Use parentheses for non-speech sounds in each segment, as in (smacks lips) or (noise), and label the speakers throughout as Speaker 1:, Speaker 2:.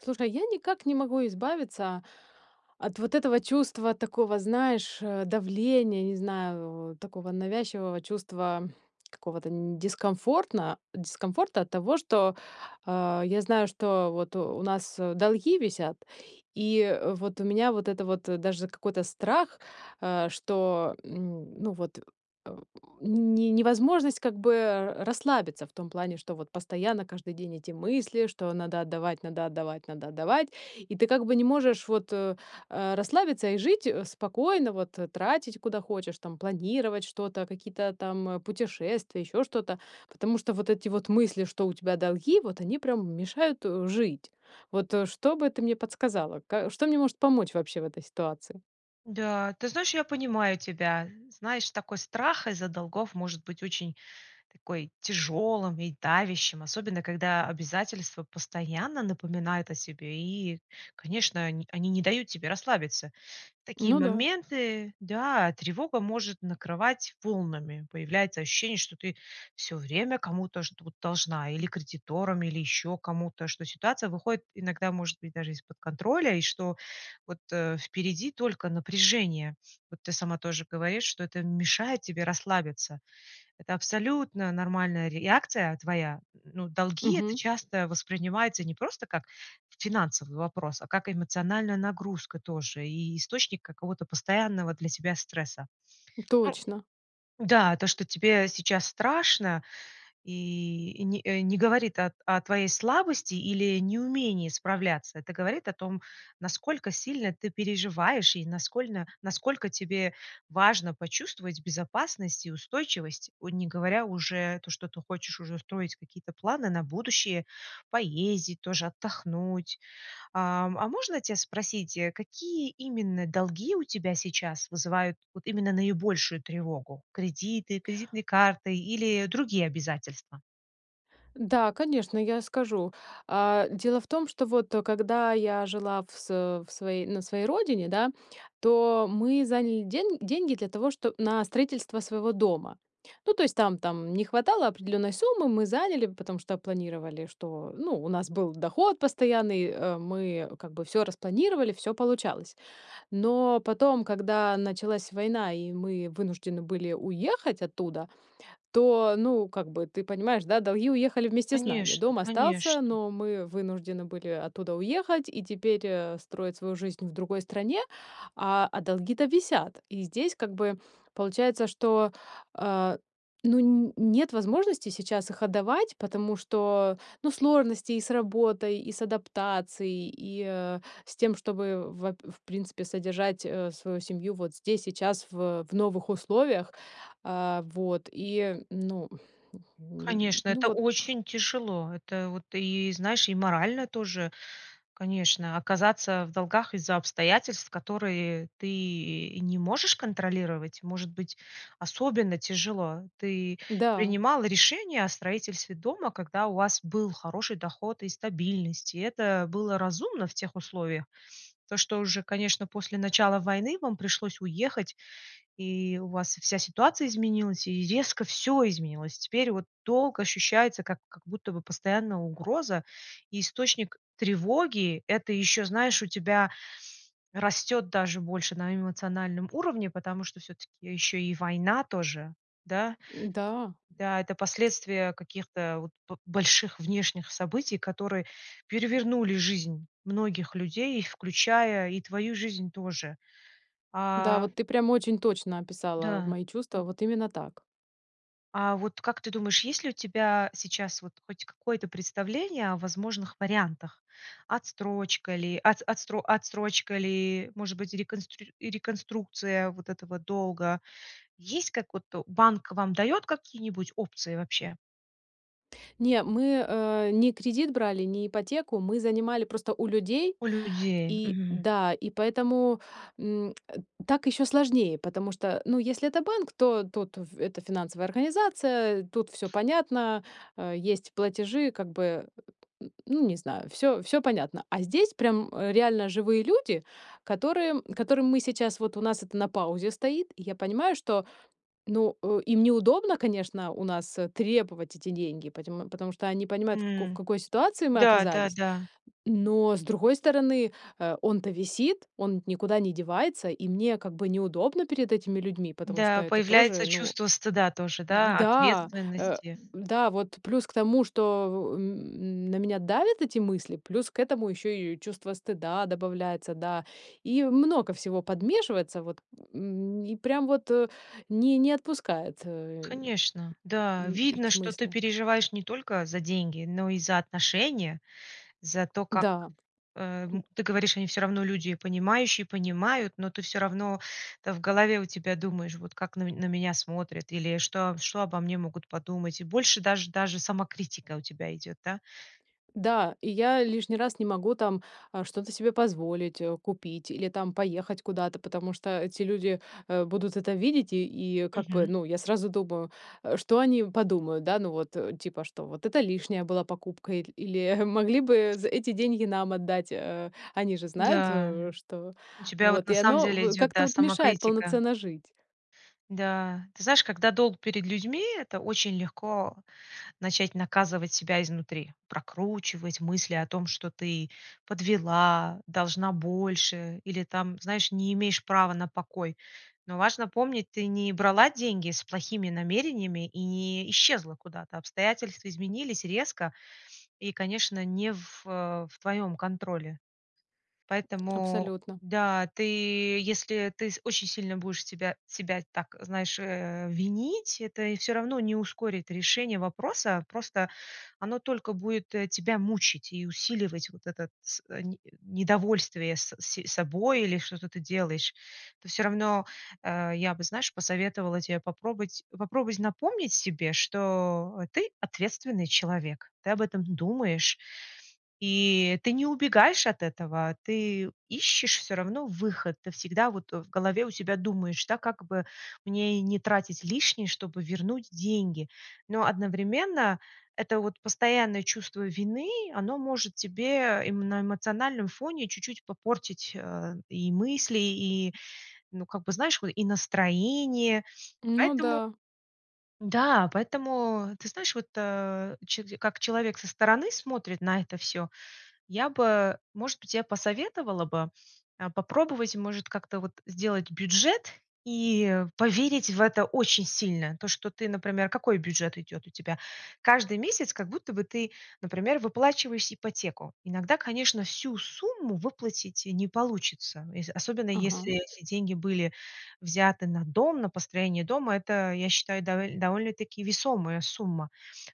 Speaker 1: Слушай, я никак не могу избавиться от вот этого чувства такого, знаешь, э, давления, не знаю, в такого навязчивого чувства какого-то н не дискомфортно дискомфорта от того, что, а, я знаю, что вот у нас, э, долги висят, и, э, вот у меня вот это вот, э, даже какой-то страх, а, что, м, ну вот, э, у не не невозможность как бы, э, а, расслабиться в том плане, что вот постоянно, каждый день эти мысли, что: надо отдавать, надо отдавать, надо отдавать,- и ты как бы не можешь вот, э, а, расслабиться и жить, э, спокойно, вот, э, тратить, куда хочешь там, планировать что-то, какие-то там путешествия, ещё что-то, потому что вот эти вот мысли, что у тебя долги, вот они прям мешают, э, жить. Вот, э, что бы ты мне подсказала? Ка что мне может помочь вообще в этой ситуации?
Speaker 2: Да, ты знаешь, я понимаю тебя. Знаешь, такой страх из-за долгов может быть очень такой тяжелым и давящим, особенно когда обязательства постоянно напоминают о себе, и, конечно, они они не дают тебе расслабиться. В такие
Speaker 1: Ну да.
Speaker 2: моменты, да, тревога может накрывать волнами. Появляется ощущение, что ты всё время кому-то что-то должна или кредиторам, или еще кому-то, что ситуация выходит иногда, может быть, даже из-под контроля, и что вот, э, впереди только напряжение. Вот ты сама тоже говоришь, что это мешает тебе расслабиться. Это абсолютно нормальная реакция твоя. Н ну долги- это
Speaker 1: Мгм.
Speaker 2: часто воспринимается не просто как финансовый вопрос, а как эмоциональная нагрузка тоже и источник какого-то постоянного для тебя стресса. Ну
Speaker 1: Точно.
Speaker 2: Да, то, что тебе сейчас страшно, и и, э, не э, не говорит о о твоей слабости или неумении справляться. Это говорит о том, насколько сильно ты переживаешь и наскольно насколько тебе важно почувствовать безопасность и устойчивость. Ой, не говоря уже то, что ты хочешь уже строить какие-то планы на будущее, поездить тоже, отдохнуть. Ам, а можно тя спросить, э, какие именно долги у тебя сейчас вызывают вот именно наибольшую тревогу: кредиты, кредитные карты или другие обязательства?
Speaker 1: Да, конечно, я скажу. А, дело в том, что вот, э, когда я жила в с э, в своей, на своей родине, да, то мы заняли ден деньги для того, что на строительство своего дома. Ну, то есть там там не хватало определенной суммы, мы заняли. Потому что планировали, что, ну, у нас был доход постоянный, э, мы как бы всё распланировали, всё получалось. Но потом, когда началась война, и мы вынуждены были уехать оттуда. То, ну, как бы ты понимаешь, да, долги уехали вместе с нами,
Speaker 2: Конечно,
Speaker 1: дом остался,
Speaker 2: конечно.
Speaker 1: но мы вынуждены были оттуда уехать и теперь, э, строить свою жизнь в другой стране, а а долги-то висят. И здесь как бы получается, что, а, ну, нь нет возможности сейчас их отдавать. Потому что, ну, сложности и с работой, и с адаптацией, и, э, с тем, чтобы ва в принципе содержать, э, свою семью вот здесь, сейчас в, э, в новых условиях, а, вот и ну, (breath) лю
Speaker 2: Конечно,
Speaker 1: ну
Speaker 2: это
Speaker 1: вот.
Speaker 2: очень тяжело. Это вот, и знаешь, и морально тоже, конечно, оказаться в долгах из-за обстоятельств, которые ты и не можешь контролировать, может быть особенно тяжело. Ты
Speaker 1: Да.
Speaker 2: принимала решение о строительстве дома, когда у вас был хороший доход и стабильность, и это было разумно в тех условиях. То что уже, конечно, после начала войны вам пришлось уехать, и у вас вся ситуация изменилась, и резко всё изменилось. Теперь вот долг ощущается как, как будто бы постоянная угроза и источник тревоги. Это ещё, знаешь, у тебя растет даже больше на эмоциональном уровне, потому что всё-таки еще и война тоже, да?
Speaker 1: Н-да.
Speaker 2: Да, это последствия каких-то вот бо больших внешних событий, которые перевернули жизнь многих людей, и включая и твою жизнь тоже.
Speaker 1: Да,
Speaker 2: А
Speaker 1: вот ты прям очень точно описала
Speaker 2: Да.
Speaker 1: мои чувства, вот именно так.
Speaker 2: А вот, как ты думаешь, есть ли у тебя сейчас вот хоть какое-то представление о возможных вариантах? Отстрочка ли от от отстро отсрочка ли, может быть, реконстрир реконструкция вот этого долга? Есть как вот то банк вам дает какие-нибудь опции вообще?
Speaker 1: Не, мы, э, не кредит брали, не ипотеку, мы занимали просто у людей
Speaker 2: У людей,
Speaker 1: и
Speaker 2: мгм.
Speaker 1: Да. И поэтому, м, э, так ещё сложнее, потому что, ну, если это банк, то тут в это финансовая организация, тут всё понятно- э, есть платежи, как бы ну не знаю, всё всё понятно. А здесь прям реально живые люди, которым которым мы сейчас вот у нас это на паузе стоит, и я понимаю, что ну, э, им неудобно, конечно, у нас, э, требовать эти деньги, поте потому что они понимают, в како в
Speaker 2: М,
Speaker 1: какой ситуации мы оказались.
Speaker 2: да-да-да.
Speaker 1: Но с другой стороны, э, он-то висит, он ведь никуда не девается, и мне как бы неудобно перед этими людьми, потому что
Speaker 2: Да,
Speaker 1: это тоже,
Speaker 2: появляется
Speaker 1: ну
Speaker 2: чувство стыда тоже, да,
Speaker 1: Да! Э,
Speaker 2: ответственности.
Speaker 1: да, вот плюс к тому, что н н на меня давят эти мысли, плюс к этому ещё и чувство стыда добавляется, да, и много всего подмешивается вот, м, и прям вот, э, не не отпускает, э,
Speaker 2: Конечно. Да,
Speaker 1: н
Speaker 2: видно,
Speaker 1: эти
Speaker 2: что ты
Speaker 1: мысли.
Speaker 2: переживаешь не только за деньги, но и за отношения, за то, как,
Speaker 1: Да.
Speaker 2: э, м ты говоришь, они всё равно люди понимающие, понимают, но ты всё равно это в голове у тебя думаешь, вот как на ме на меня смотрят, или что о что обо мне могут подумать, и больше даже даже самокритика у тебя идет, да.
Speaker 1: Да, и я лишний раз не могу там, а, что-то себе позволить, э, купить или там поехать куда-то, потому что эти люди, э, будут это видеть, и и как бы,
Speaker 2: Мгм.
Speaker 1: ну, я сразу думаю, э: что они подумают?- Да, ну вот, э, типа, что: вот это лишняя была покупка,- иль или: могли бы з эти деньги нам отдать. Э, они же знают,
Speaker 2: Да.
Speaker 1: э, что
Speaker 2: У тебя вот
Speaker 1: Вот
Speaker 2: на
Speaker 1: и
Speaker 2: самом
Speaker 1: оно
Speaker 2: деле
Speaker 1: в
Speaker 2: идет,
Speaker 1: как-то
Speaker 2: да,
Speaker 1: вот мешает
Speaker 2: самокритика.
Speaker 1: полноценно жить.
Speaker 2: Да. Ты знаешь, когда долг перед людьми, это очень легко начать наказывать себя изнутри, прокручивать мысли о том, что ты: подвела, должна больше или там, знаешь, не имеешь права на покой. Но важно помнить, ты не брала деньги с плохими намерениями и не исчезла куда-то. Обстоятельства изменились резко и, конечно, не в, э, в твоем контроле. Поэтому,
Speaker 1: Абсолютно.
Speaker 2: да, ты если ты с очень сильно будешь себя себя так, знаешь, э, винить, это и всё равно не ускорит решение вопроса. Просто оно только будет, э, тебя мучить и усиливать вот этот с э, не недовольствие с с собой, или что-то ты делаешь. Это всё равно, э я бы, знаешь, посоветовала те попробовать, попробовать напомнить себе, что ты- ответственный человек. Ты об этом думаешь и ты не убегаешь от этого, ты ищешь всё равно выход. Ты всегда вот, э, в голове у себя думаешь, да: как бы мне не тратить лишнее, чтобы вернуть деньги? Но одновременно это вот постоянное чувство вины- оно может тебе именно на эмоциональном фоне чуть-чуть попортить, э, и мысли, и, ну как бы, знаешь, вот и настроение.
Speaker 1: Ну
Speaker 2: Поэтому
Speaker 1: да.
Speaker 2: да, поэтому, ты знаешь, вот, э, че как человек со стороны смотрит на это всё, я бы, может быть, я посоветовала бы, э, попробовать, может, как-то вот сделать бюджет и поверить в это очень сильно. То, что, ты например Какой бюджет идет у тебя? Каждый месяц как будто бы ты, например, выплачиваешь ипотеку. Иногда, конечно, всю сумму выплатить и не получится, ес особенно,
Speaker 1: Ага.
Speaker 2: если эти деньги были взяты на дом, на построение дома. Это, я считаю, довел довольно-таки весомая сумма.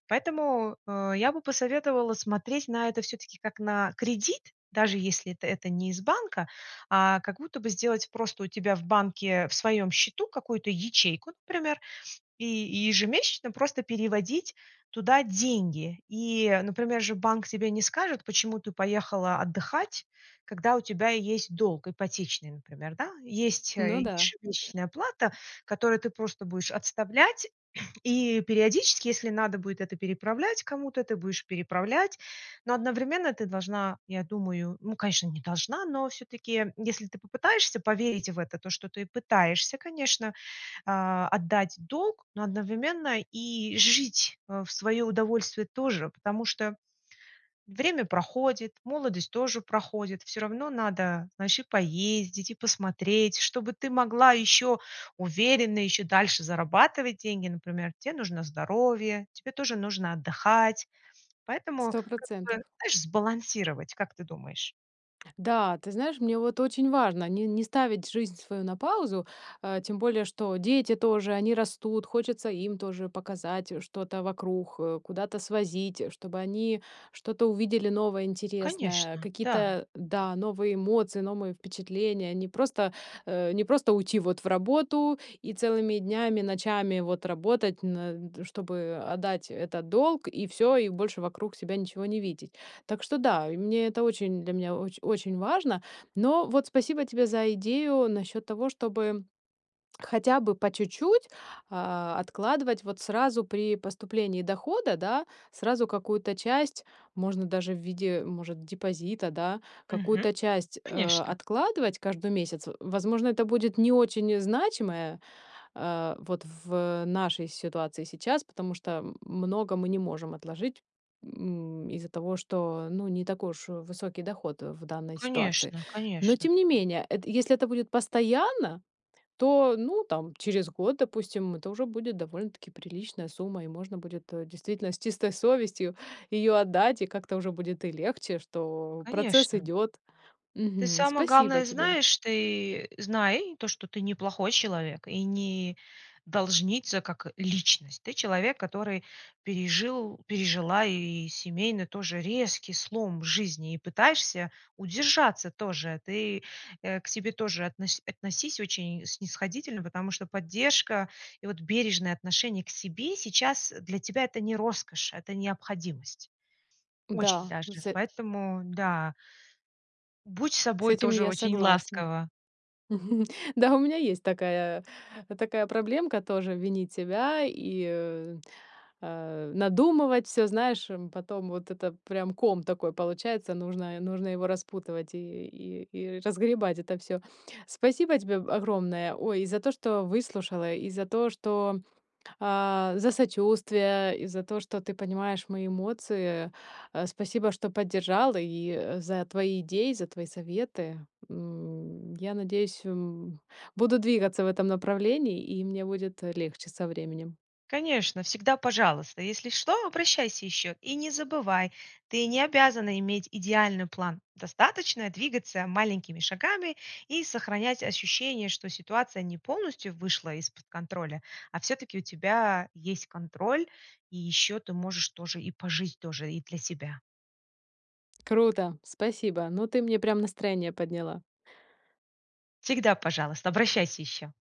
Speaker 2: Поэтому, э, я бы посоветовала смотреть на это всё-таки как на кредит, даже если это это не из банка, а как будто бы сделать просто у тебя в банке в своем счету какую-то ячейку, например, и ежемесячно просто переводить туда деньги. И, например, же банк тебе не скажет: почему ты поехала отдыхать, когда у тебя есть долг ипотечный, например, да? Есть, э,
Speaker 1: Ну да.
Speaker 2: ежемесячная плата, которую ты просто будешь отставлять, и периодически, если надо будет это переправлять кому-то, ты будешь переправлять. Но одновременно ты должна, я думаю- ну, конечно, не должна- но все-таки, если ты попытаешься поверить в это, то что ты пытаешься, конечно, а, отдать долг, но одновременно и жить, э, в свое удовольствие тоже. Потому что время проходит, молодость тоже проходит, всё равно надо, ну, еще поездить и посмотреть. Чтобы ты могла еще уверенно и еще дальше зарабатывать деньги, например, те нужно здоровье, тебе тоже нужно отдыхать. Поэтому
Speaker 1: сто
Speaker 2: как бы,
Speaker 1: процентов.
Speaker 2: знаешь, сбалансировать. Как ты думаешь?
Speaker 1: Да, ты знаешь, мне вот очень важно не не ставить жизнь свою на паузу. А тем более что дети тоже- они растут, хочется им тоже показать, э, что-то вокруг, э, куда-то свозить, э, чтобы они что-то увидели новое, интересное,
Speaker 2: Конечно, да.
Speaker 1: какие-то, да, новые эмоции, новые впечатления. Не просто, э, не просто уйти вот в работу и целыми днями, ночами вот работать, на чтобы отдать этот долг и всё, и больше вокруг себя ничего не видеть. Так что, да, и мне это очень для меня оч очень важно. Но вот спасибо тебе за идею насчёт того, чтобы (smacks lips) хотя бы по чуть-чуть, а, откладывать вот сразу при поступлении дохода, да. Сразу какую-то часть, можно даже в виде, может, депозита, да,
Speaker 2: Мгм,
Speaker 1: какую-то часть, э,
Speaker 2: конечно.
Speaker 1: откладывать каждый месяц. В возможно, это будет не очень значимое, а, вот в нашей ситуации сейчас. Потому что, м много мы не можем отложить, м, из-за того, что, ну, не такой уж высокий доход в данной ситуации.
Speaker 2: Конечно,
Speaker 1: Но
Speaker 2: конечно.
Speaker 1: тем не менее, эт если это будет постоянно, то ну, там через год, допустим, это уже будет довольно-таки приличная сумма. И можно будет, э, действительно с чистой совестью её отдать, и как-то уже будет и легче, что процесс
Speaker 2: Конечно.
Speaker 1: идёт.
Speaker 2: Ты
Speaker 1: Мгм,
Speaker 2: самое
Speaker 1: спасибо
Speaker 2: главное
Speaker 1: тебе.
Speaker 2: знаешь, ты знай то, что ты не плохой человек и не должница как личность. Ты человек, который пережил пережила и семейный тоже резкий слом в жизни, и пытаешься удержаться тоже. Ты, э, к себе тоже относь относись очень снисходительно, потому что поддержка и вот бережное отношение к себе сейчас для тебя- это не роскошь, это необходимость. Очень
Speaker 1: Да, м,
Speaker 2: даже.
Speaker 1: сэ
Speaker 2: Поэтому да. Будь с
Speaker 1: С
Speaker 2: собой
Speaker 1: этим
Speaker 2: тоже
Speaker 1: я
Speaker 2: очень
Speaker 1: согласна.
Speaker 2: ласкова.
Speaker 1: Мгм, да у меня есть такая такая проблемка тоже- винить себя и, э, а, надумывать всё. Знаешь, эм, потом вот это прям ком такой получается, нужно е нужно его распутывать и и и разгребать это всё. Спасибо тебе б огромное, ой, и за то, что выслушала, и за то, что, а, за сочувствие, и за то, что ты понимаешь мои эмоции. Э, спасибо, что поддержала, и, э, за твои идеи, за твои советы. М, я надеюсь, м, буду двигаться в этом направлении и мне будет легче со временем.
Speaker 2: Конечно, всегда пожалуйста! Если что, обращайся ещё, и не забывай: ты не обязана иметь идеальный план. Достаточно двигаться маленькими шагами и сохранять ощущение, что ситуация не полностью вышла из-под контроля. А всё-таки у тебя есть контроль, и ещё ты можешь тоже и пожить тоже, и для себя.
Speaker 1: Круто, спасибо. Ну ты мне прям настроение подняла!
Speaker 2: Всегда пожалуйста, обращайся ещё!